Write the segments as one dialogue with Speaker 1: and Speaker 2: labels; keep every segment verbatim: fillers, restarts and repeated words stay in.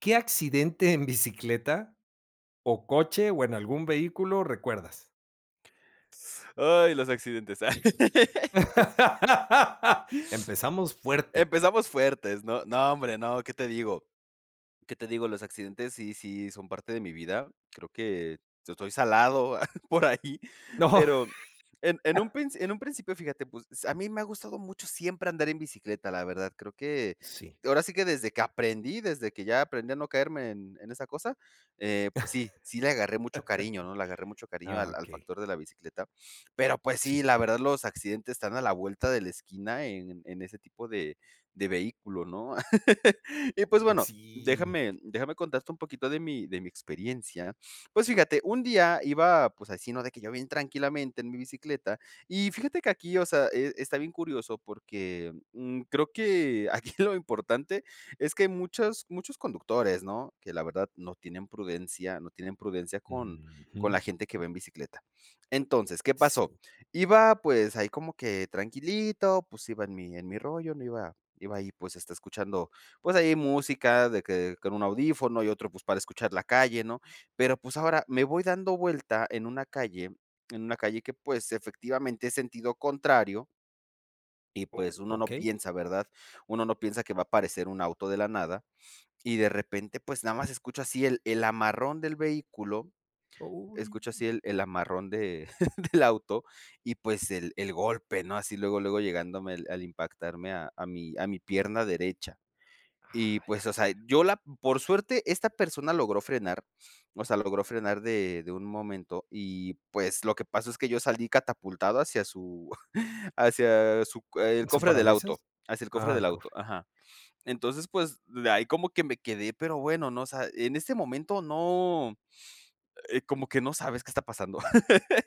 Speaker 1: ¿Qué accidente en bicicleta o coche, o en algún vehículo recuerdas?
Speaker 2: Ay, los accidentes.
Speaker 1: Empezamos fuerte.
Speaker 2: Empezamos fuertes, no, no hombre, no, qué te digo ¿Qué te digo? Los accidentes sí sí son parte de mi vida, creo que yo estoy salado por ahí,
Speaker 1: No.
Speaker 2: pero en en un princi en un principio fíjate, pues, a mí me ha gustado mucho siempre andar en bicicleta, la verdad, creo que,
Speaker 1: Sí.
Speaker 2: ahora sí que desde que aprendí, desde que ya aprendí a no caerme en en esa cosa, eh, pues, sí sí le agarré mucho cariño ¿no? Le agarré mucho cariño
Speaker 1: Ah,
Speaker 2: al al
Speaker 1: okey.
Speaker 2: factor de la bicicleta, pero, pues, sí,
Speaker 1: Sí.
Speaker 2: la verdad los accidentes están a la vuelta de la esquina en en ese tipo de de vehículo, ¿no? Y, pues, bueno,
Speaker 1: Sí.
Speaker 2: déjame déjame contarte un poquito de mi de mi experiencia. Pues, fíjate, un día iba, pues, así, ¿no? De que yo bien tranquilamente en mi bicicleta. Y fíjate que aquí, o sea, eh, está bien curioso porque, mm, creo que aquí lo importante es que muchas muchos conductores, ¿no? Que la verdad no tienen prudencia no tienen prudencia con con la
Speaker 1: Ujú.
Speaker 2: gente que va en bicicleta. Entonces, ¿qué
Speaker 1: Sí.
Speaker 2: pasó? Iba, pues, ahí como que tranquilito, pues, iba en mi en mi rollo no iba iba ahí, pues, está escuchando, pues, ahí música de que con un audífono y otro, pues, para escuchar la calle, ¿no? Pero, pues, ahora me voy dando vuelta en una calle en una calle que, pues, efectivamente es sentido contrario y,
Speaker 1: O
Speaker 2: pues, uno no
Speaker 1: okey.
Speaker 2: piensa, ¿verdad? Uno no piensa que va a aparecer un auto de la nada. Y de repente, pues, nada más escucho así el el amarrón del vehículo
Speaker 1: Oh.
Speaker 2: escucho así el el amarrón de del auto, y, pues, el el golpe, ¿no? Así luego, luego llegándome al impactarme a a mi a mi pierna derecha,
Speaker 1: Ay,
Speaker 2: y, pues, o sea,
Speaker 1: cara
Speaker 2: yo la por suerte esta persona logró frenar, o sea, logró frenar de de un momento. Y, pues, lo que pasa es que yo salí catapultado hacia su hacia su el
Speaker 1: ¿Su
Speaker 2: cofre del auto,
Speaker 1: parabrisas?
Speaker 2: hacia el cofre del
Speaker 1: Ah,
Speaker 2: auto
Speaker 1: corre.
Speaker 2: Ajá. Entonces, pues, de ahí como que me quedé pero bueno no, o sea en este momento no, eh, como que no sabes qué está pasando.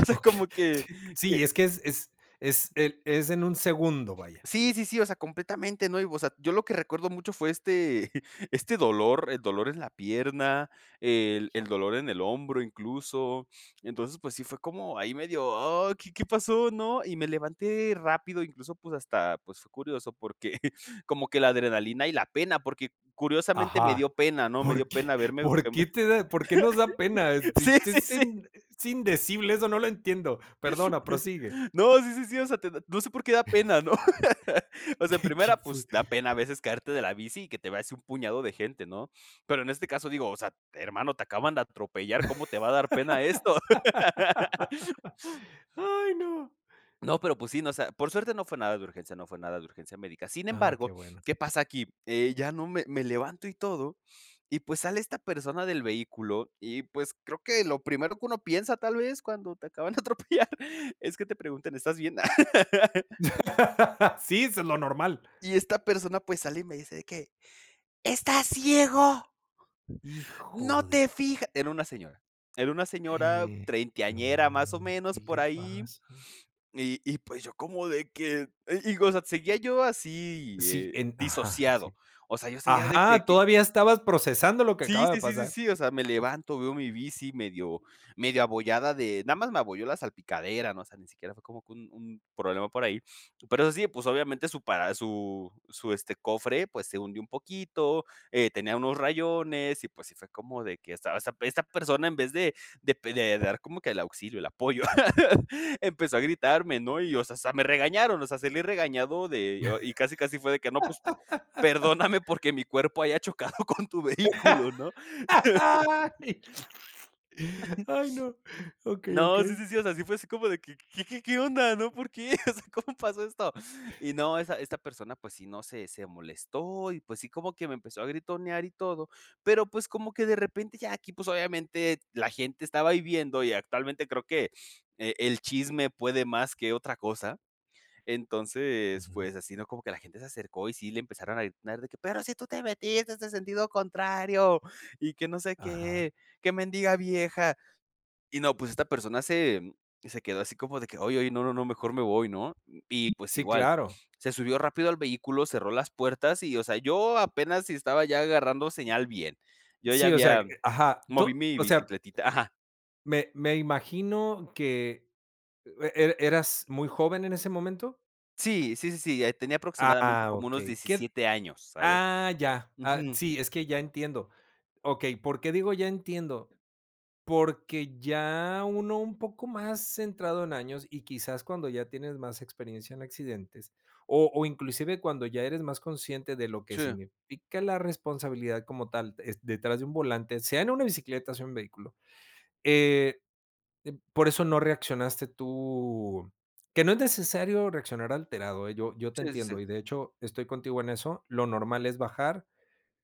Speaker 2: O sea,
Speaker 1: Ok
Speaker 2: como que
Speaker 1: Sí,
Speaker 2: que
Speaker 1: es que es es es el es en un segundo, vaya.
Speaker 2: Sí, sí, sí, o sea, completamente, ¿no? Y, o sea, yo lo que recuerdo mucho fue este este dolor, el dolor en la pierna, el el dolor en el hombro, incluso. Entonces, pues, sí fue como ahí medio: "Oh, ¿qué qué pasó?", ¿no? Y me levanté rápido, incluso, pues, hasta, pues, fue curioso, porque como que la adrenalina y la pena, porque curiosamente me
Speaker 1: Ajá.
Speaker 2: dio pena, ¿no? Me dio
Speaker 1: ¿Por qué
Speaker 2: pena verme,
Speaker 1: por
Speaker 2: em,
Speaker 1: qué te da, por qué nos da pena?
Speaker 2: sí,
Speaker 1: Si, si
Speaker 2: sí,
Speaker 1: es
Speaker 2: sí.
Speaker 1: in es indecible, eso no lo entiendo. Perdona, prosigue.
Speaker 2: No, sí, sí, sí, o sea, te no sé por qué da pena, ¿no? O sea, en
Speaker 1: Qué,
Speaker 2: primera,
Speaker 1: qué fue.
Speaker 2: pues, da pena a veces caerte de la bici y que te vea así un puñado de gente, ¿no? Pero en este caso, digo, o sea, hermano, te acaban de atropellar. ¿Cómo te va a dar pena esto?
Speaker 1: Ay, no.
Speaker 2: No, pero, pues, sí, ¿no? O sea, por suerte no fue nada de urgencia, no fue nada de urgencia médica. Sin
Speaker 1: Ah, qué
Speaker 2: embargo,
Speaker 1: bueno.
Speaker 2: ¿qué pasa aquí? Eh, ya no me me levanto y todo, y, pues, sale esta persona del vehículo, y, pues, creo que lo primero que uno piensa tal vez cuando te acaban de atropellar es que te preguntan ¿estás bien?
Speaker 1: Sí, eso es lo normal.
Speaker 2: Y esta persona, pues, sale, y me dice de qué: "Estás ciego" "no te
Speaker 1: Híjole.
Speaker 2: fijas", era una señora era una señora
Speaker 1: No,
Speaker 2: treintañera, más o menos,
Speaker 1: ¿qué
Speaker 2: por
Speaker 1: le
Speaker 2: ahí.
Speaker 1: pasa?
Speaker 2: Y y, pues, yo como de que y digo, o sea, seguía yo así,
Speaker 1: Sí,
Speaker 2: eh,
Speaker 1: en, ajá,
Speaker 2: disociado.
Speaker 1: sí.
Speaker 2: O sea, yo seguía de que
Speaker 1: Ajá,
Speaker 2: que
Speaker 1: todavía estabas procesando lo que
Speaker 2: Sí,
Speaker 1: acaba de
Speaker 2: sí, sí, sí,
Speaker 1: pasar.
Speaker 2: sí, o sea, me levanto, veo mi bici medio medio abollada de, nada más me abolló la salpicadera, ¿no? O sea, ni siquiera fue como que un un problema por ahí. Pero eso sí, pues, obviamente su para su su, este, cofre, pues, se hundió un poquito, eh, tenía unos rayones, y, pues, sí fue como de que estaba esa esta persona en vez de de de pe de dar como que el auxilio, el apoyo, empezó a gritarme, ¿no? Y, o sea, hasta me regañaron, o sea, salí regañado de y casi casi fue de que no, pues, perdóname porque mi cuerpo haya chocado con tu vehículo. ¿no?
Speaker 1: Ay no. Okey,
Speaker 2: No,
Speaker 1: okey.
Speaker 2: sí, sí, sí, o sea, sí fue así como de que: "¿Qué qué onda? ¿no? ¿Por qué? O sea, ¿cómo pasó esto?". Y no, esa esta persona, pues, sí, ¿no? se se molestó, y, pues, sí, como que me empezó a gritonear y todo, pero, pues, como que de repente ya aquí, pues, obviamente la gente estaba ahí viendo, y actualmente creo que, eh, el chisme puede más que otra cosa. Entonces,
Speaker 1: Ujú.
Speaker 2: pues, así, ¿no? Como que la gente se acercó, y sí le empezaron a gritar de que: "Pero si tú te metiste en sentido contrario y que no sé
Speaker 1: Ajá.
Speaker 2: qué, qué mendiga vieja". Y no, pues, esta persona se se quedó así como de que: "Ay, ay, no, no, no, mejor me voy, ¿no? Y, pues,
Speaker 1: Sí,
Speaker 2: igual.
Speaker 1: claro.
Speaker 2: Se subió rápido al vehículo, cerró las puertas. Y, o sea, yo apenas si estaba ya agarrando señal bien. Yo ya
Speaker 1: Sí, o sea,
Speaker 2: había
Speaker 1: ajá, tú,
Speaker 2: moví mi
Speaker 1: o sea.
Speaker 2: bicicletita Ajá.
Speaker 1: Me me imagino que, e e eras muy joven en ese momento.
Speaker 2: Sí, sí, sí, sí, ya ahí tenía aproximadamente
Speaker 1: Ah,
Speaker 2: como unos
Speaker 1: okey, ¿qué?
Speaker 2: diecisiete años, ¿sabes?
Speaker 1: Ah, ya. Ah,
Speaker 2: Ujú.
Speaker 1: sí, es que ya entiendo. Okey, ¿por qué digo "ya entiendo"? Porque ya uno, un poco más centrado en años y quizás cuando ya tienes más experiencia en accidentes o o inclusive cuando ya eres más consciente de lo que
Speaker 2: Sí.
Speaker 1: significa la responsabilidad como tal, es detrás de un volante, sea en una bicicleta o sea un vehículo, eh eh por eso no reaccionaste tú, que no es necesario reaccionar alterado, eh. Yo yo te
Speaker 2: Sí, sí, sí.
Speaker 1: entiendo y de hecho estoy contigo en eso. Lo normal es bajar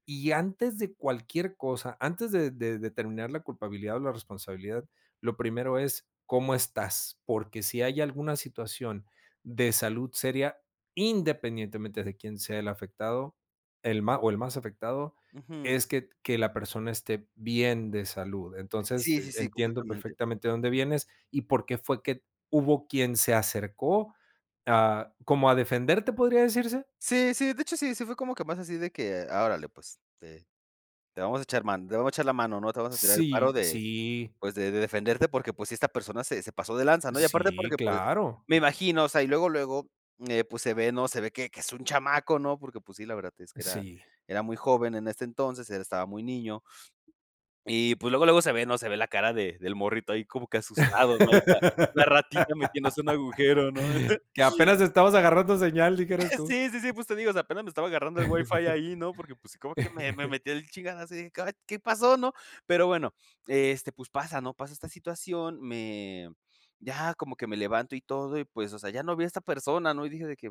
Speaker 1: y antes de cualquier cosa, antes de de determinar la culpabilidad o la responsabilidad, lo primero es: "¿Cómo estás?". Porque si hay alguna situación de salud seria, independientemente de quién sea el afectado, el ma o el más afectado
Speaker 2: Ujú.
Speaker 1: es que que la persona esté bien de salud, entonces
Speaker 2: Sí, sí, sí,
Speaker 1: entiendo
Speaker 2: completamente.
Speaker 1: perfectamente de dónde vienes y por qué fue que hubo quien se acercó, a como a como a defenderte, podía decirse.
Speaker 2: Sí, sí, de hecho, sí, si fue como que más así de que, ah, órale, pues, de te vamos a echar mano, te vamos a echar la mano, ¿no? Te vamos a tirar el paro
Speaker 1: Sí,
Speaker 2: de,
Speaker 1: sí.
Speaker 2: pues, de de defenderte, porque pues sí esta persona se se pasó de lanza, ¿no? Y aparte
Speaker 1: Sí,
Speaker 2: porque pues
Speaker 1: claro.
Speaker 2: me imagino o sea y luego, luego, eh, pues, se ve, ¿no? se ve que que es un chamaco, ¿no? Porque pues, sí la verdad es que era
Speaker 1: Sí.
Speaker 2: era muy joven en este entonces, él estaba muy niño y pues luego, luego se ve, ¿no? se ve la cara de del morrito ahí como que asustado, ¿no? Ahí está la ratita metiéndose en un agujero, ¿no?
Speaker 1: Que apenas estamos agarrando señal, dijeras tú.
Speaker 2: Sí, sí, sí, pues te digo, o sea, apenas me estaba agarrando el Wi-Fi ahí, ¿no?, porque pues sí, como que me me metió el chingadazo y dije: "Ay, caray, ¿qué pasó, no?". Pero bueno, este, pues pasa, ¿no? Pasa esta situación, me ya como que me levanto y todo y pues, o sea, ya no vi a esta persona, ¿no? Y dije de que: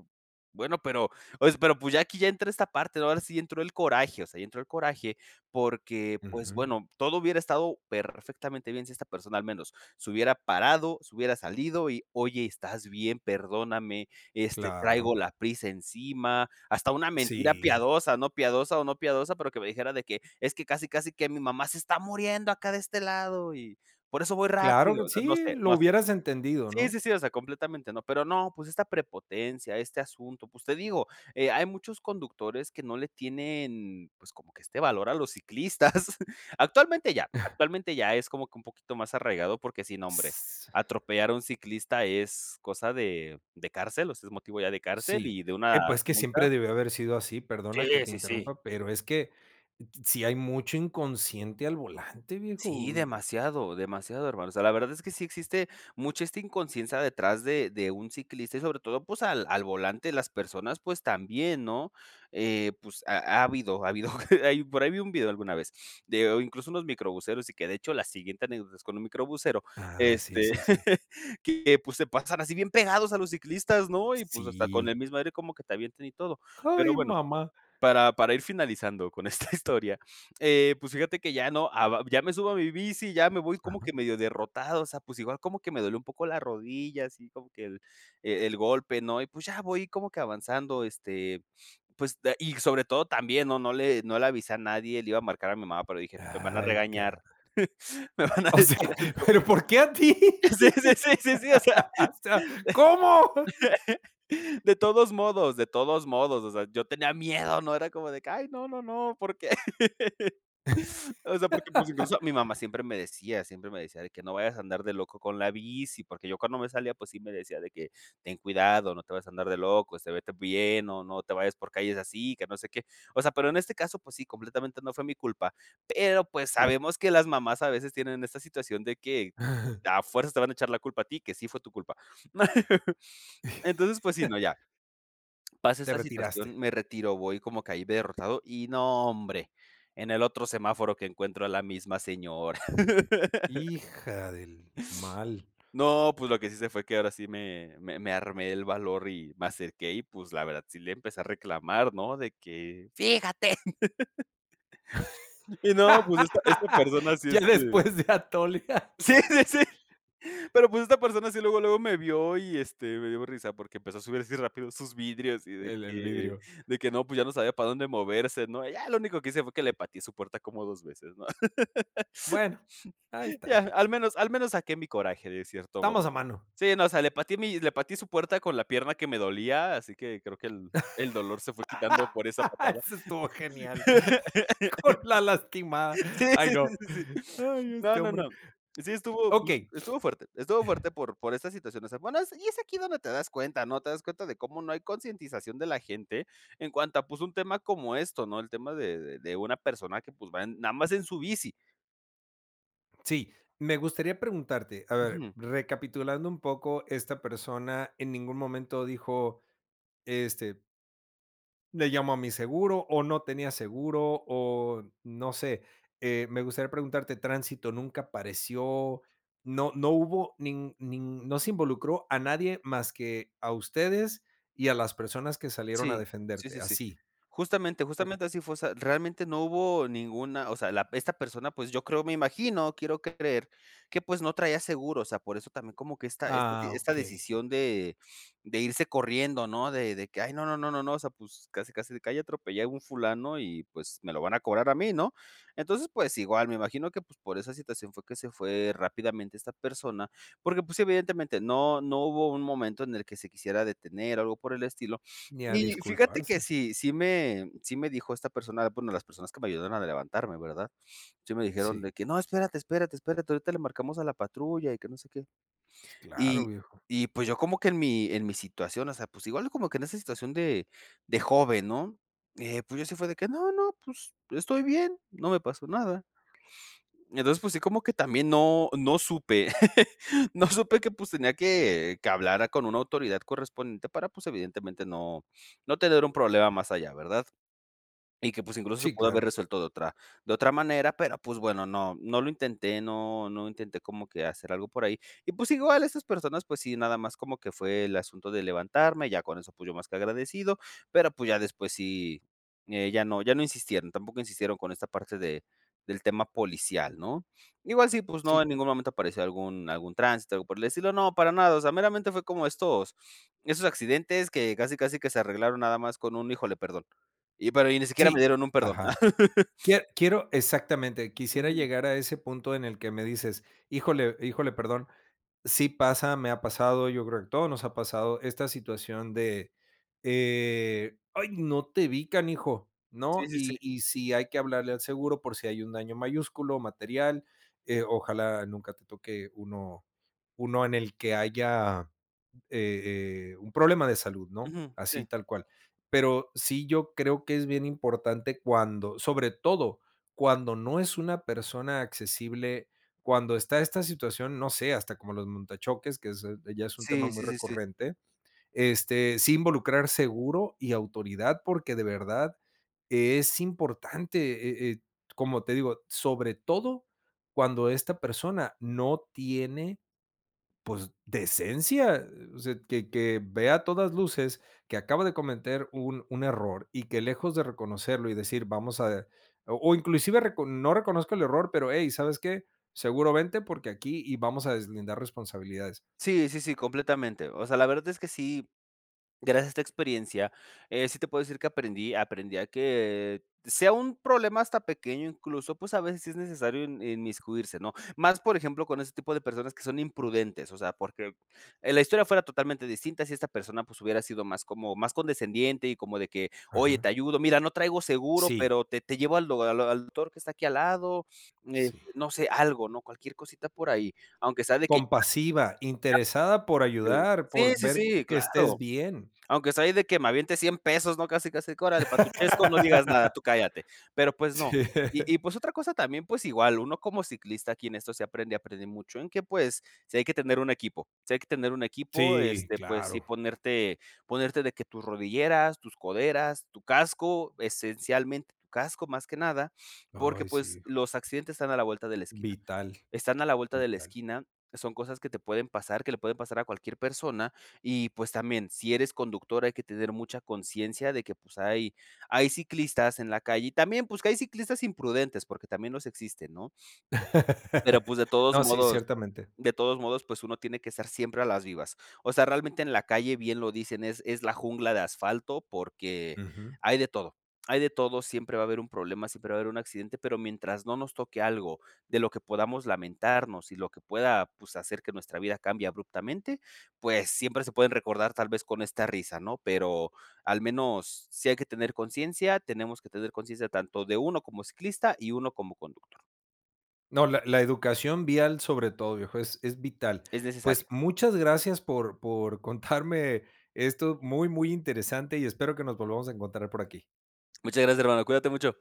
Speaker 2: "Bueno, pero pero", o es pero pues, ya aquí ya entró a esta parte, ¿no? Ahora sí entró el coraje, o sea, ya entró el coraje porque, pues
Speaker 1: Ujú.
Speaker 2: bueno, todo hubiera estado perfectamente bien si esta persona al menos se hubiera parado, se hubiera salido y: "Oye, ¿estás bien? Perdóname, este, traigo
Speaker 1: Claro.
Speaker 2: la prisa encima". Hasta una mentira
Speaker 1: Sí.
Speaker 2: piadosa, no piadosa o no piadosa, pero que me dijera de que: "Es que casi, casi que mi mamá se está muriendo acá de este lado y por eso voy
Speaker 1: Claro
Speaker 2: rápido",
Speaker 1: que
Speaker 2: o sea, no
Speaker 1: sí,
Speaker 2: sé,
Speaker 1: lo
Speaker 2: no sé.
Speaker 1: hubieras entendido,
Speaker 2: Sí,
Speaker 1: ¿no?
Speaker 2: sí, sí, o sea, completamente, ¿no?, pero no, pues esta prepotencia, este asunto, pues te digo, eh, hay muchos conductores que no le tienen, pues, como que este valor a los ciclistas. Actualmente ya,
Speaker 1: Ah.
Speaker 2: actualmente ya es como que un poquito más arraigado porque sí, no hombre, atropellar a un ciclista es cosa de de cárcel, o sea, es motivo ya de cárcel
Speaker 1: Si.
Speaker 2: y de una
Speaker 1: Eh, pues, que
Speaker 2: multa
Speaker 1: siempre debió haber sido así,
Speaker 2: Sí,
Speaker 1: perdona que te
Speaker 2: sí, sí.
Speaker 1: interrumpa, pero es que sí hay mucho inconsciente al volante,
Speaker 2: Sí,
Speaker 1: viejo.
Speaker 2: demasiado, demasiado, hermano. O sea, la verdad es que sí existe mucha esta inconsciencia detrás de de un ciclista y sobre todo, pues, al al volante las personas, pues, también, ¿no? Eh, pues ha habido ha habido, hay por ahí, vi un video alguna vez de incluso unos microbuseros y que de hecho la siguiente anécdota es con un microbusero,
Speaker 1: Ah, sí,
Speaker 2: este,
Speaker 1: sí.
Speaker 2: que pues se pasan así bien pegados a los ciclistas, ¿no? Y pues, hasta con el
Speaker 1: Sí.
Speaker 2: mismo aire como que te avienten y todo. Pero
Speaker 1: Ay,
Speaker 2: bueno,
Speaker 1: mamá.
Speaker 2: para para ir finalizando con esta historia, eh, pues fíjate que ya no, a va ya me subo a mi bici, ya me voy como que
Speaker 1: Ajá.
Speaker 2: medio derrotado, o sea, pues, igual como que me dolió un poco la rodilla, así como que el e el golpe, ¿no? Y pues, ya voy como que avanzando, este, pues, da y sobre todo también, ¿no? No le no le avisa a nadie, le iba a marcar a mi mamá, pero dije: "Me van a
Speaker 1: Ay, caray.
Speaker 2: regañar, me van a
Speaker 1: O
Speaker 2: decir
Speaker 1: sea,
Speaker 2: algo".
Speaker 1: pero, ¿por qué a ti?
Speaker 2: Sí, sí, sí, sí, sí. O sea,
Speaker 1: O sea, ¿Cómo?
Speaker 2: de todos modos, de todos modos, o sea, yo tenía miedo, no era como de que: "Ay, no, no, no, ¿por qué?". O sea, porque pues, incluso mi mamá siempre me decía, siempre me decía de que: "No vayas a andar de loco con la bici", porque yo cuando me salía, pues sí me decía de que: "Ten cuidado, no te vayas a andar de loco, este, vete bien o no te vayas por calles así, que no sé qué". O sea, pero en este caso, pues sí, completamente no fue mi culpa. Pero, pues,
Speaker 1: Sí.
Speaker 2: sabemos que las mamás a veces tienen esta situación de que
Speaker 1: Ajá.
Speaker 2: a fuerzas te van a echar la culpa a ti, que sí fue tu culpa. Entonces, pues sí, no, ya. Pasa
Speaker 1: Te
Speaker 2: esta
Speaker 1: retiraste.
Speaker 2: situación, me retiro, voy como caí derrotado y no hombre, en, el otro semáforo que encuentro a la misma señora.
Speaker 1: Hija del mal.
Speaker 2: No, pues lo que sí se fue que ahora sí me me me armé el valor y me acerqué y, pues, la verdad, sí le empecé a reclamar, ¿no?, de que: "Fíjate". Y no, pues esta esta persona sí,
Speaker 1: Ya
Speaker 2: este
Speaker 1: después de atole.
Speaker 2: sí, sí, sí. Pero, pues, esta persona sí, luego, luego me vio y, este, me dio risa porque empezó a subir así rápido sus vidrios y de
Speaker 1: El el
Speaker 2: que
Speaker 1: vidrio.
Speaker 2: de que no, pues, ya no sabía para dónde moverse, ¿no? Ya lo único que hice fue que le pateé su puerta como dos veces, ¿no?
Speaker 1: Bueno, ahí
Speaker 2: Ya,
Speaker 1: está.
Speaker 2: al menos al menos saqué mi coraje, de cierto modo.
Speaker 1: Estamos a mano.
Speaker 2: Sí, no, o sea, le pateé mi le pateé su puerta con la pierna que me dolía, así que creo que el el dolor se fue quitando por esa patada.
Speaker 1: Eso estuvo genial. Con la lastimada.
Speaker 2: Sí, sí,
Speaker 1: Ay no.
Speaker 2: sí, sí, sí.
Speaker 1: Ay
Speaker 2: No,
Speaker 1: este
Speaker 2: no,
Speaker 1: hombre.
Speaker 2: no. Sí estuvo
Speaker 1: Okey.
Speaker 2: estuvo fuerte, estuvo fuerte por por estas situaciones. Bueno, es y es aquí donde te das cuenta, ¿no? Te das cuenta de cómo no hay concientización de la gente en cuanto a, pues, un tema como esto, ¿no?, el tema de de de una persona que, pues, va nada más en su bici.
Speaker 1: Sí, me gustaría preguntarte, a ver,
Speaker 2: Ujú.
Speaker 1: recapitulando un poco, esta persona en ningún momento dijo: "Este ¿le llamo a mi seguro?" O ¿no tenía seguro?, o no sé. Eh, me gustaría preguntarte, ¿tránsito nunca apareció? No no hubo nin nin no se involucró a nadie más que a ustedes y a las personas que salieron a
Speaker 2: Sí. Sí,
Speaker 1: defenderte,
Speaker 2: sí, sí.
Speaker 1: así.
Speaker 2: Justamente justamente así fue. O sea, realmente no hubo ninguna o sea la p, esta persona, pues, yo creo, me imagino, quiero creer que, pues, no traía seguro, o sea, por eso también como que esta esta
Speaker 1: Ah,
Speaker 2: esta
Speaker 1: okey.
Speaker 2: decisión de de irse corriendo, ¿no? De de que "ay no, no, no, no, no", o sea, pues, casi casi de que "ahí atropellé a un fulano y, pues, me lo van a cobrar a mí", ¿no? Entonces pues igual me imagino que pues por esa situación fue que se fue rápidamente esta persona porque pues evidentemente no no hubo un momento en el que se quisiera detener o algo por el estilo
Speaker 1: Ni a
Speaker 2: y fíjate que
Speaker 1: disculparse.
Speaker 2: sí sí me sí me dijo esta persona bueno las personas que me ayudaron a levantarme ¿verdad? Sí me dijeron
Speaker 1: Sí.
Speaker 2: de que "no espérate, espérate, espérate ahorita le marcamos a la patrulla y que no sé qué"
Speaker 1: Claro,
Speaker 2: y
Speaker 1: viejo.
Speaker 2: y pues yo como que en mi en mi situación o sea pues igual uno como que en esa situación de de joven, ¿no? Eh, pues yo fue así de que "no, no pues estoy bien, no me pasó nada". Entonces, pues sí, como que también no no supe no supe que, pues, tenía que que hablara con una autoridad correspondiente para, pues, evidentemente, no no tener un problema más allá, ¿verdad? Y que, pues, incluso se
Speaker 1: Sí,
Speaker 2: pudo haber
Speaker 1: claro.
Speaker 2: resuelto de otra de otra manera, pero, pues, bueno, no, no lo intenté, no no intenté como que hacer algo por ahí, y pues igual estas personas, pues, sí, nada más como que fue el asunto de levantarme, ya con eso, pues, yo más que agradecido, pero, pues, ya después sí, eh, ya no ya no insistieron, tampoco insistieron con esta parte de del tema policial, ¿no? Igual sí, pues no,
Speaker 1: Sí.
Speaker 2: en ningún momento apareció algún algún tránsito, algo por el estilo, no, para nada, o sea, meramente fue como estos estos accidentes que casi casi que se arreglaron nada más con un "híjole, perdón". Y pero y ni siquiera me
Speaker 1: Sí.
Speaker 2: dieron un perdón.
Speaker 1: Ajá. Quie quiero exactamente, quisiera
Speaker 2: Ujú.
Speaker 1: llegar a ese punto en el que me dices: "Híjole, híjole, perdón". Sí pasa, me ha pasado, yo creo que a todos nos ha pasado esta situación de, eh, "ay, no te vi canijo",
Speaker 2: Sí,
Speaker 1: ¿no?
Speaker 2: sí,
Speaker 1: Y
Speaker 2: sí.
Speaker 1: y sí hay que hablarle al seguro por si hay un daño mayúsculo, material. Eh, ojalá nunca te toque uno, uno en el que haya, eh eh, un problema de salud, ¿no?
Speaker 2: Ujú.
Speaker 1: Así
Speaker 2: Sí.
Speaker 1: tal cual. Pero, sí yo creo que es bien importante cuando sobre todo, cuando no es una persona accesible, cuando está esta situación, no sé, hasta como los monta-choques, que es ya es un tema
Speaker 2: Sí,
Speaker 1: muy
Speaker 2: sí sí sí.
Speaker 1: recurrente, este, sí involucrar seguro y autoridad, porque de verdad es importante, eh eh, como te digo, sobre todo cuando esta persona no tiene, pues decencia, o sea, que que ve a todas luces, que acaba de cometer un un error y que lejos de reconocerlo y decir vamos a o o inclusive reco no reconozco el error pero, "ey ¿sabes qué?, seguro vente porque aquí y vamos a deslindar responsabilidades".
Speaker 2: Sí, sí, sí, completamente. O sea, la verdad es que sí gracias a esta experiencia, eh, sí te puedo decir que aprendí aprendí a que sea un problema hasta pequeño, incluso, pues, a veces sí es necesario in inmiscuirse, ¿no? Más, por ejemplo, con ese tipo de personas que son imprudentes, o sea, porque, eh, la historia fuera totalmente distinta si esta persona pues hubiera sido más como más condescendiente y como de que "oye, te
Speaker 1: Ajá.
Speaker 2: ayudo, mira no traigo seguro
Speaker 1: Sí.
Speaker 2: pero te te llevo al o al o al doctor que está aquí al lado", eh,
Speaker 1: Sí.
Speaker 2: no sé, algo, ¿no? Cualquier cosita por ahí, aunque sea de que
Speaker 1: Compasiva, interesada por
Speaker 2: Eh
Speaker 1: ayudar,
Speaker 2: Sí,
Speaker 1: por
Speaker 2: sí,
Speaker 1: ver
Speaker 2: sí,
Speaker 1: que estés
Speaker 2: claro.
Speaker 1: bien.
Speaker 2: Aunque sea ahí de que me aviente cien pesos, ¿no? Casi casi que "órale para tu chesco, no digas nada, tú cállate". Pero, pues, no.
Speaker 1: Sí.
Speaker 2: Y y, pues, otra cosa también, pues, igual, uno como ciclista aquí en esto se aprende, aprende mucho, en que, pues, sí hay que tener un equipo, si hay que tener un equipo,
Speaker 1: Sí,
Speaker 2: este pues sí
Speaker 1: claro.
Speaker 2: ponerte ponerte de que tus rodilleras, tus coderas, tu casco, esencialmente tu casco más que nada porque
Speaker 1: Ay, sí,
Speaker 2: pues
Speaker 1: híjole.
Speaker 2: los accidentes están a la vuelta de la esquina.
Speaker 1: Vital,
Speaker 2: Están a la vuelta de la
Speaker 1: vital.
Speaker 2: esquina, son cosas que te pueden pasar, que le pueden pasar a cualquier persona y pues también, si eres conductor hay que tener mucha consciencia de que pues hay hay ciclistas en la calle y también pues que hay ciclistas imprudentes porque también los existen, ¿no? Pero pues de todos
Speaker 1: No, sí,
Speaker 2: modos
Speaker 1: ciertamente.
Speaker 2: de todos modos pues uno tiene que estar siempre a las vivas. O sea realmente en la calle bien lo dicen es es "la jungla de asfalto" porque
Speaker 1: Ujú.
Speaker 2: hay de todo. Hay de todo siempre va a haber un problema, siempre va a haber un accidente pero mientras no nos toque algo de lo que podamos lamentarnos y lo que pueda pues hacer que nuestra vida cambie abruptamente pues siempre se pueden recordar tal vez con esta risa ¿no? Pero al menos si hay que tener conciencia tenemos que tener conciencia tanto de uno como ciclista y uno como conductor.
Speaker 1: No, la la educación vial sobre todo viejo, es es vital.
Speaker 2: Es
Speaker 1: Pues
Speaker 2: necesario.
Speaker 1: muchas gracias por por contarme esto muy muy interesante y espero que nos volvamos a encontrar por aquí.
Speaker 2: Muchas gracias hermano, cuídate mucho.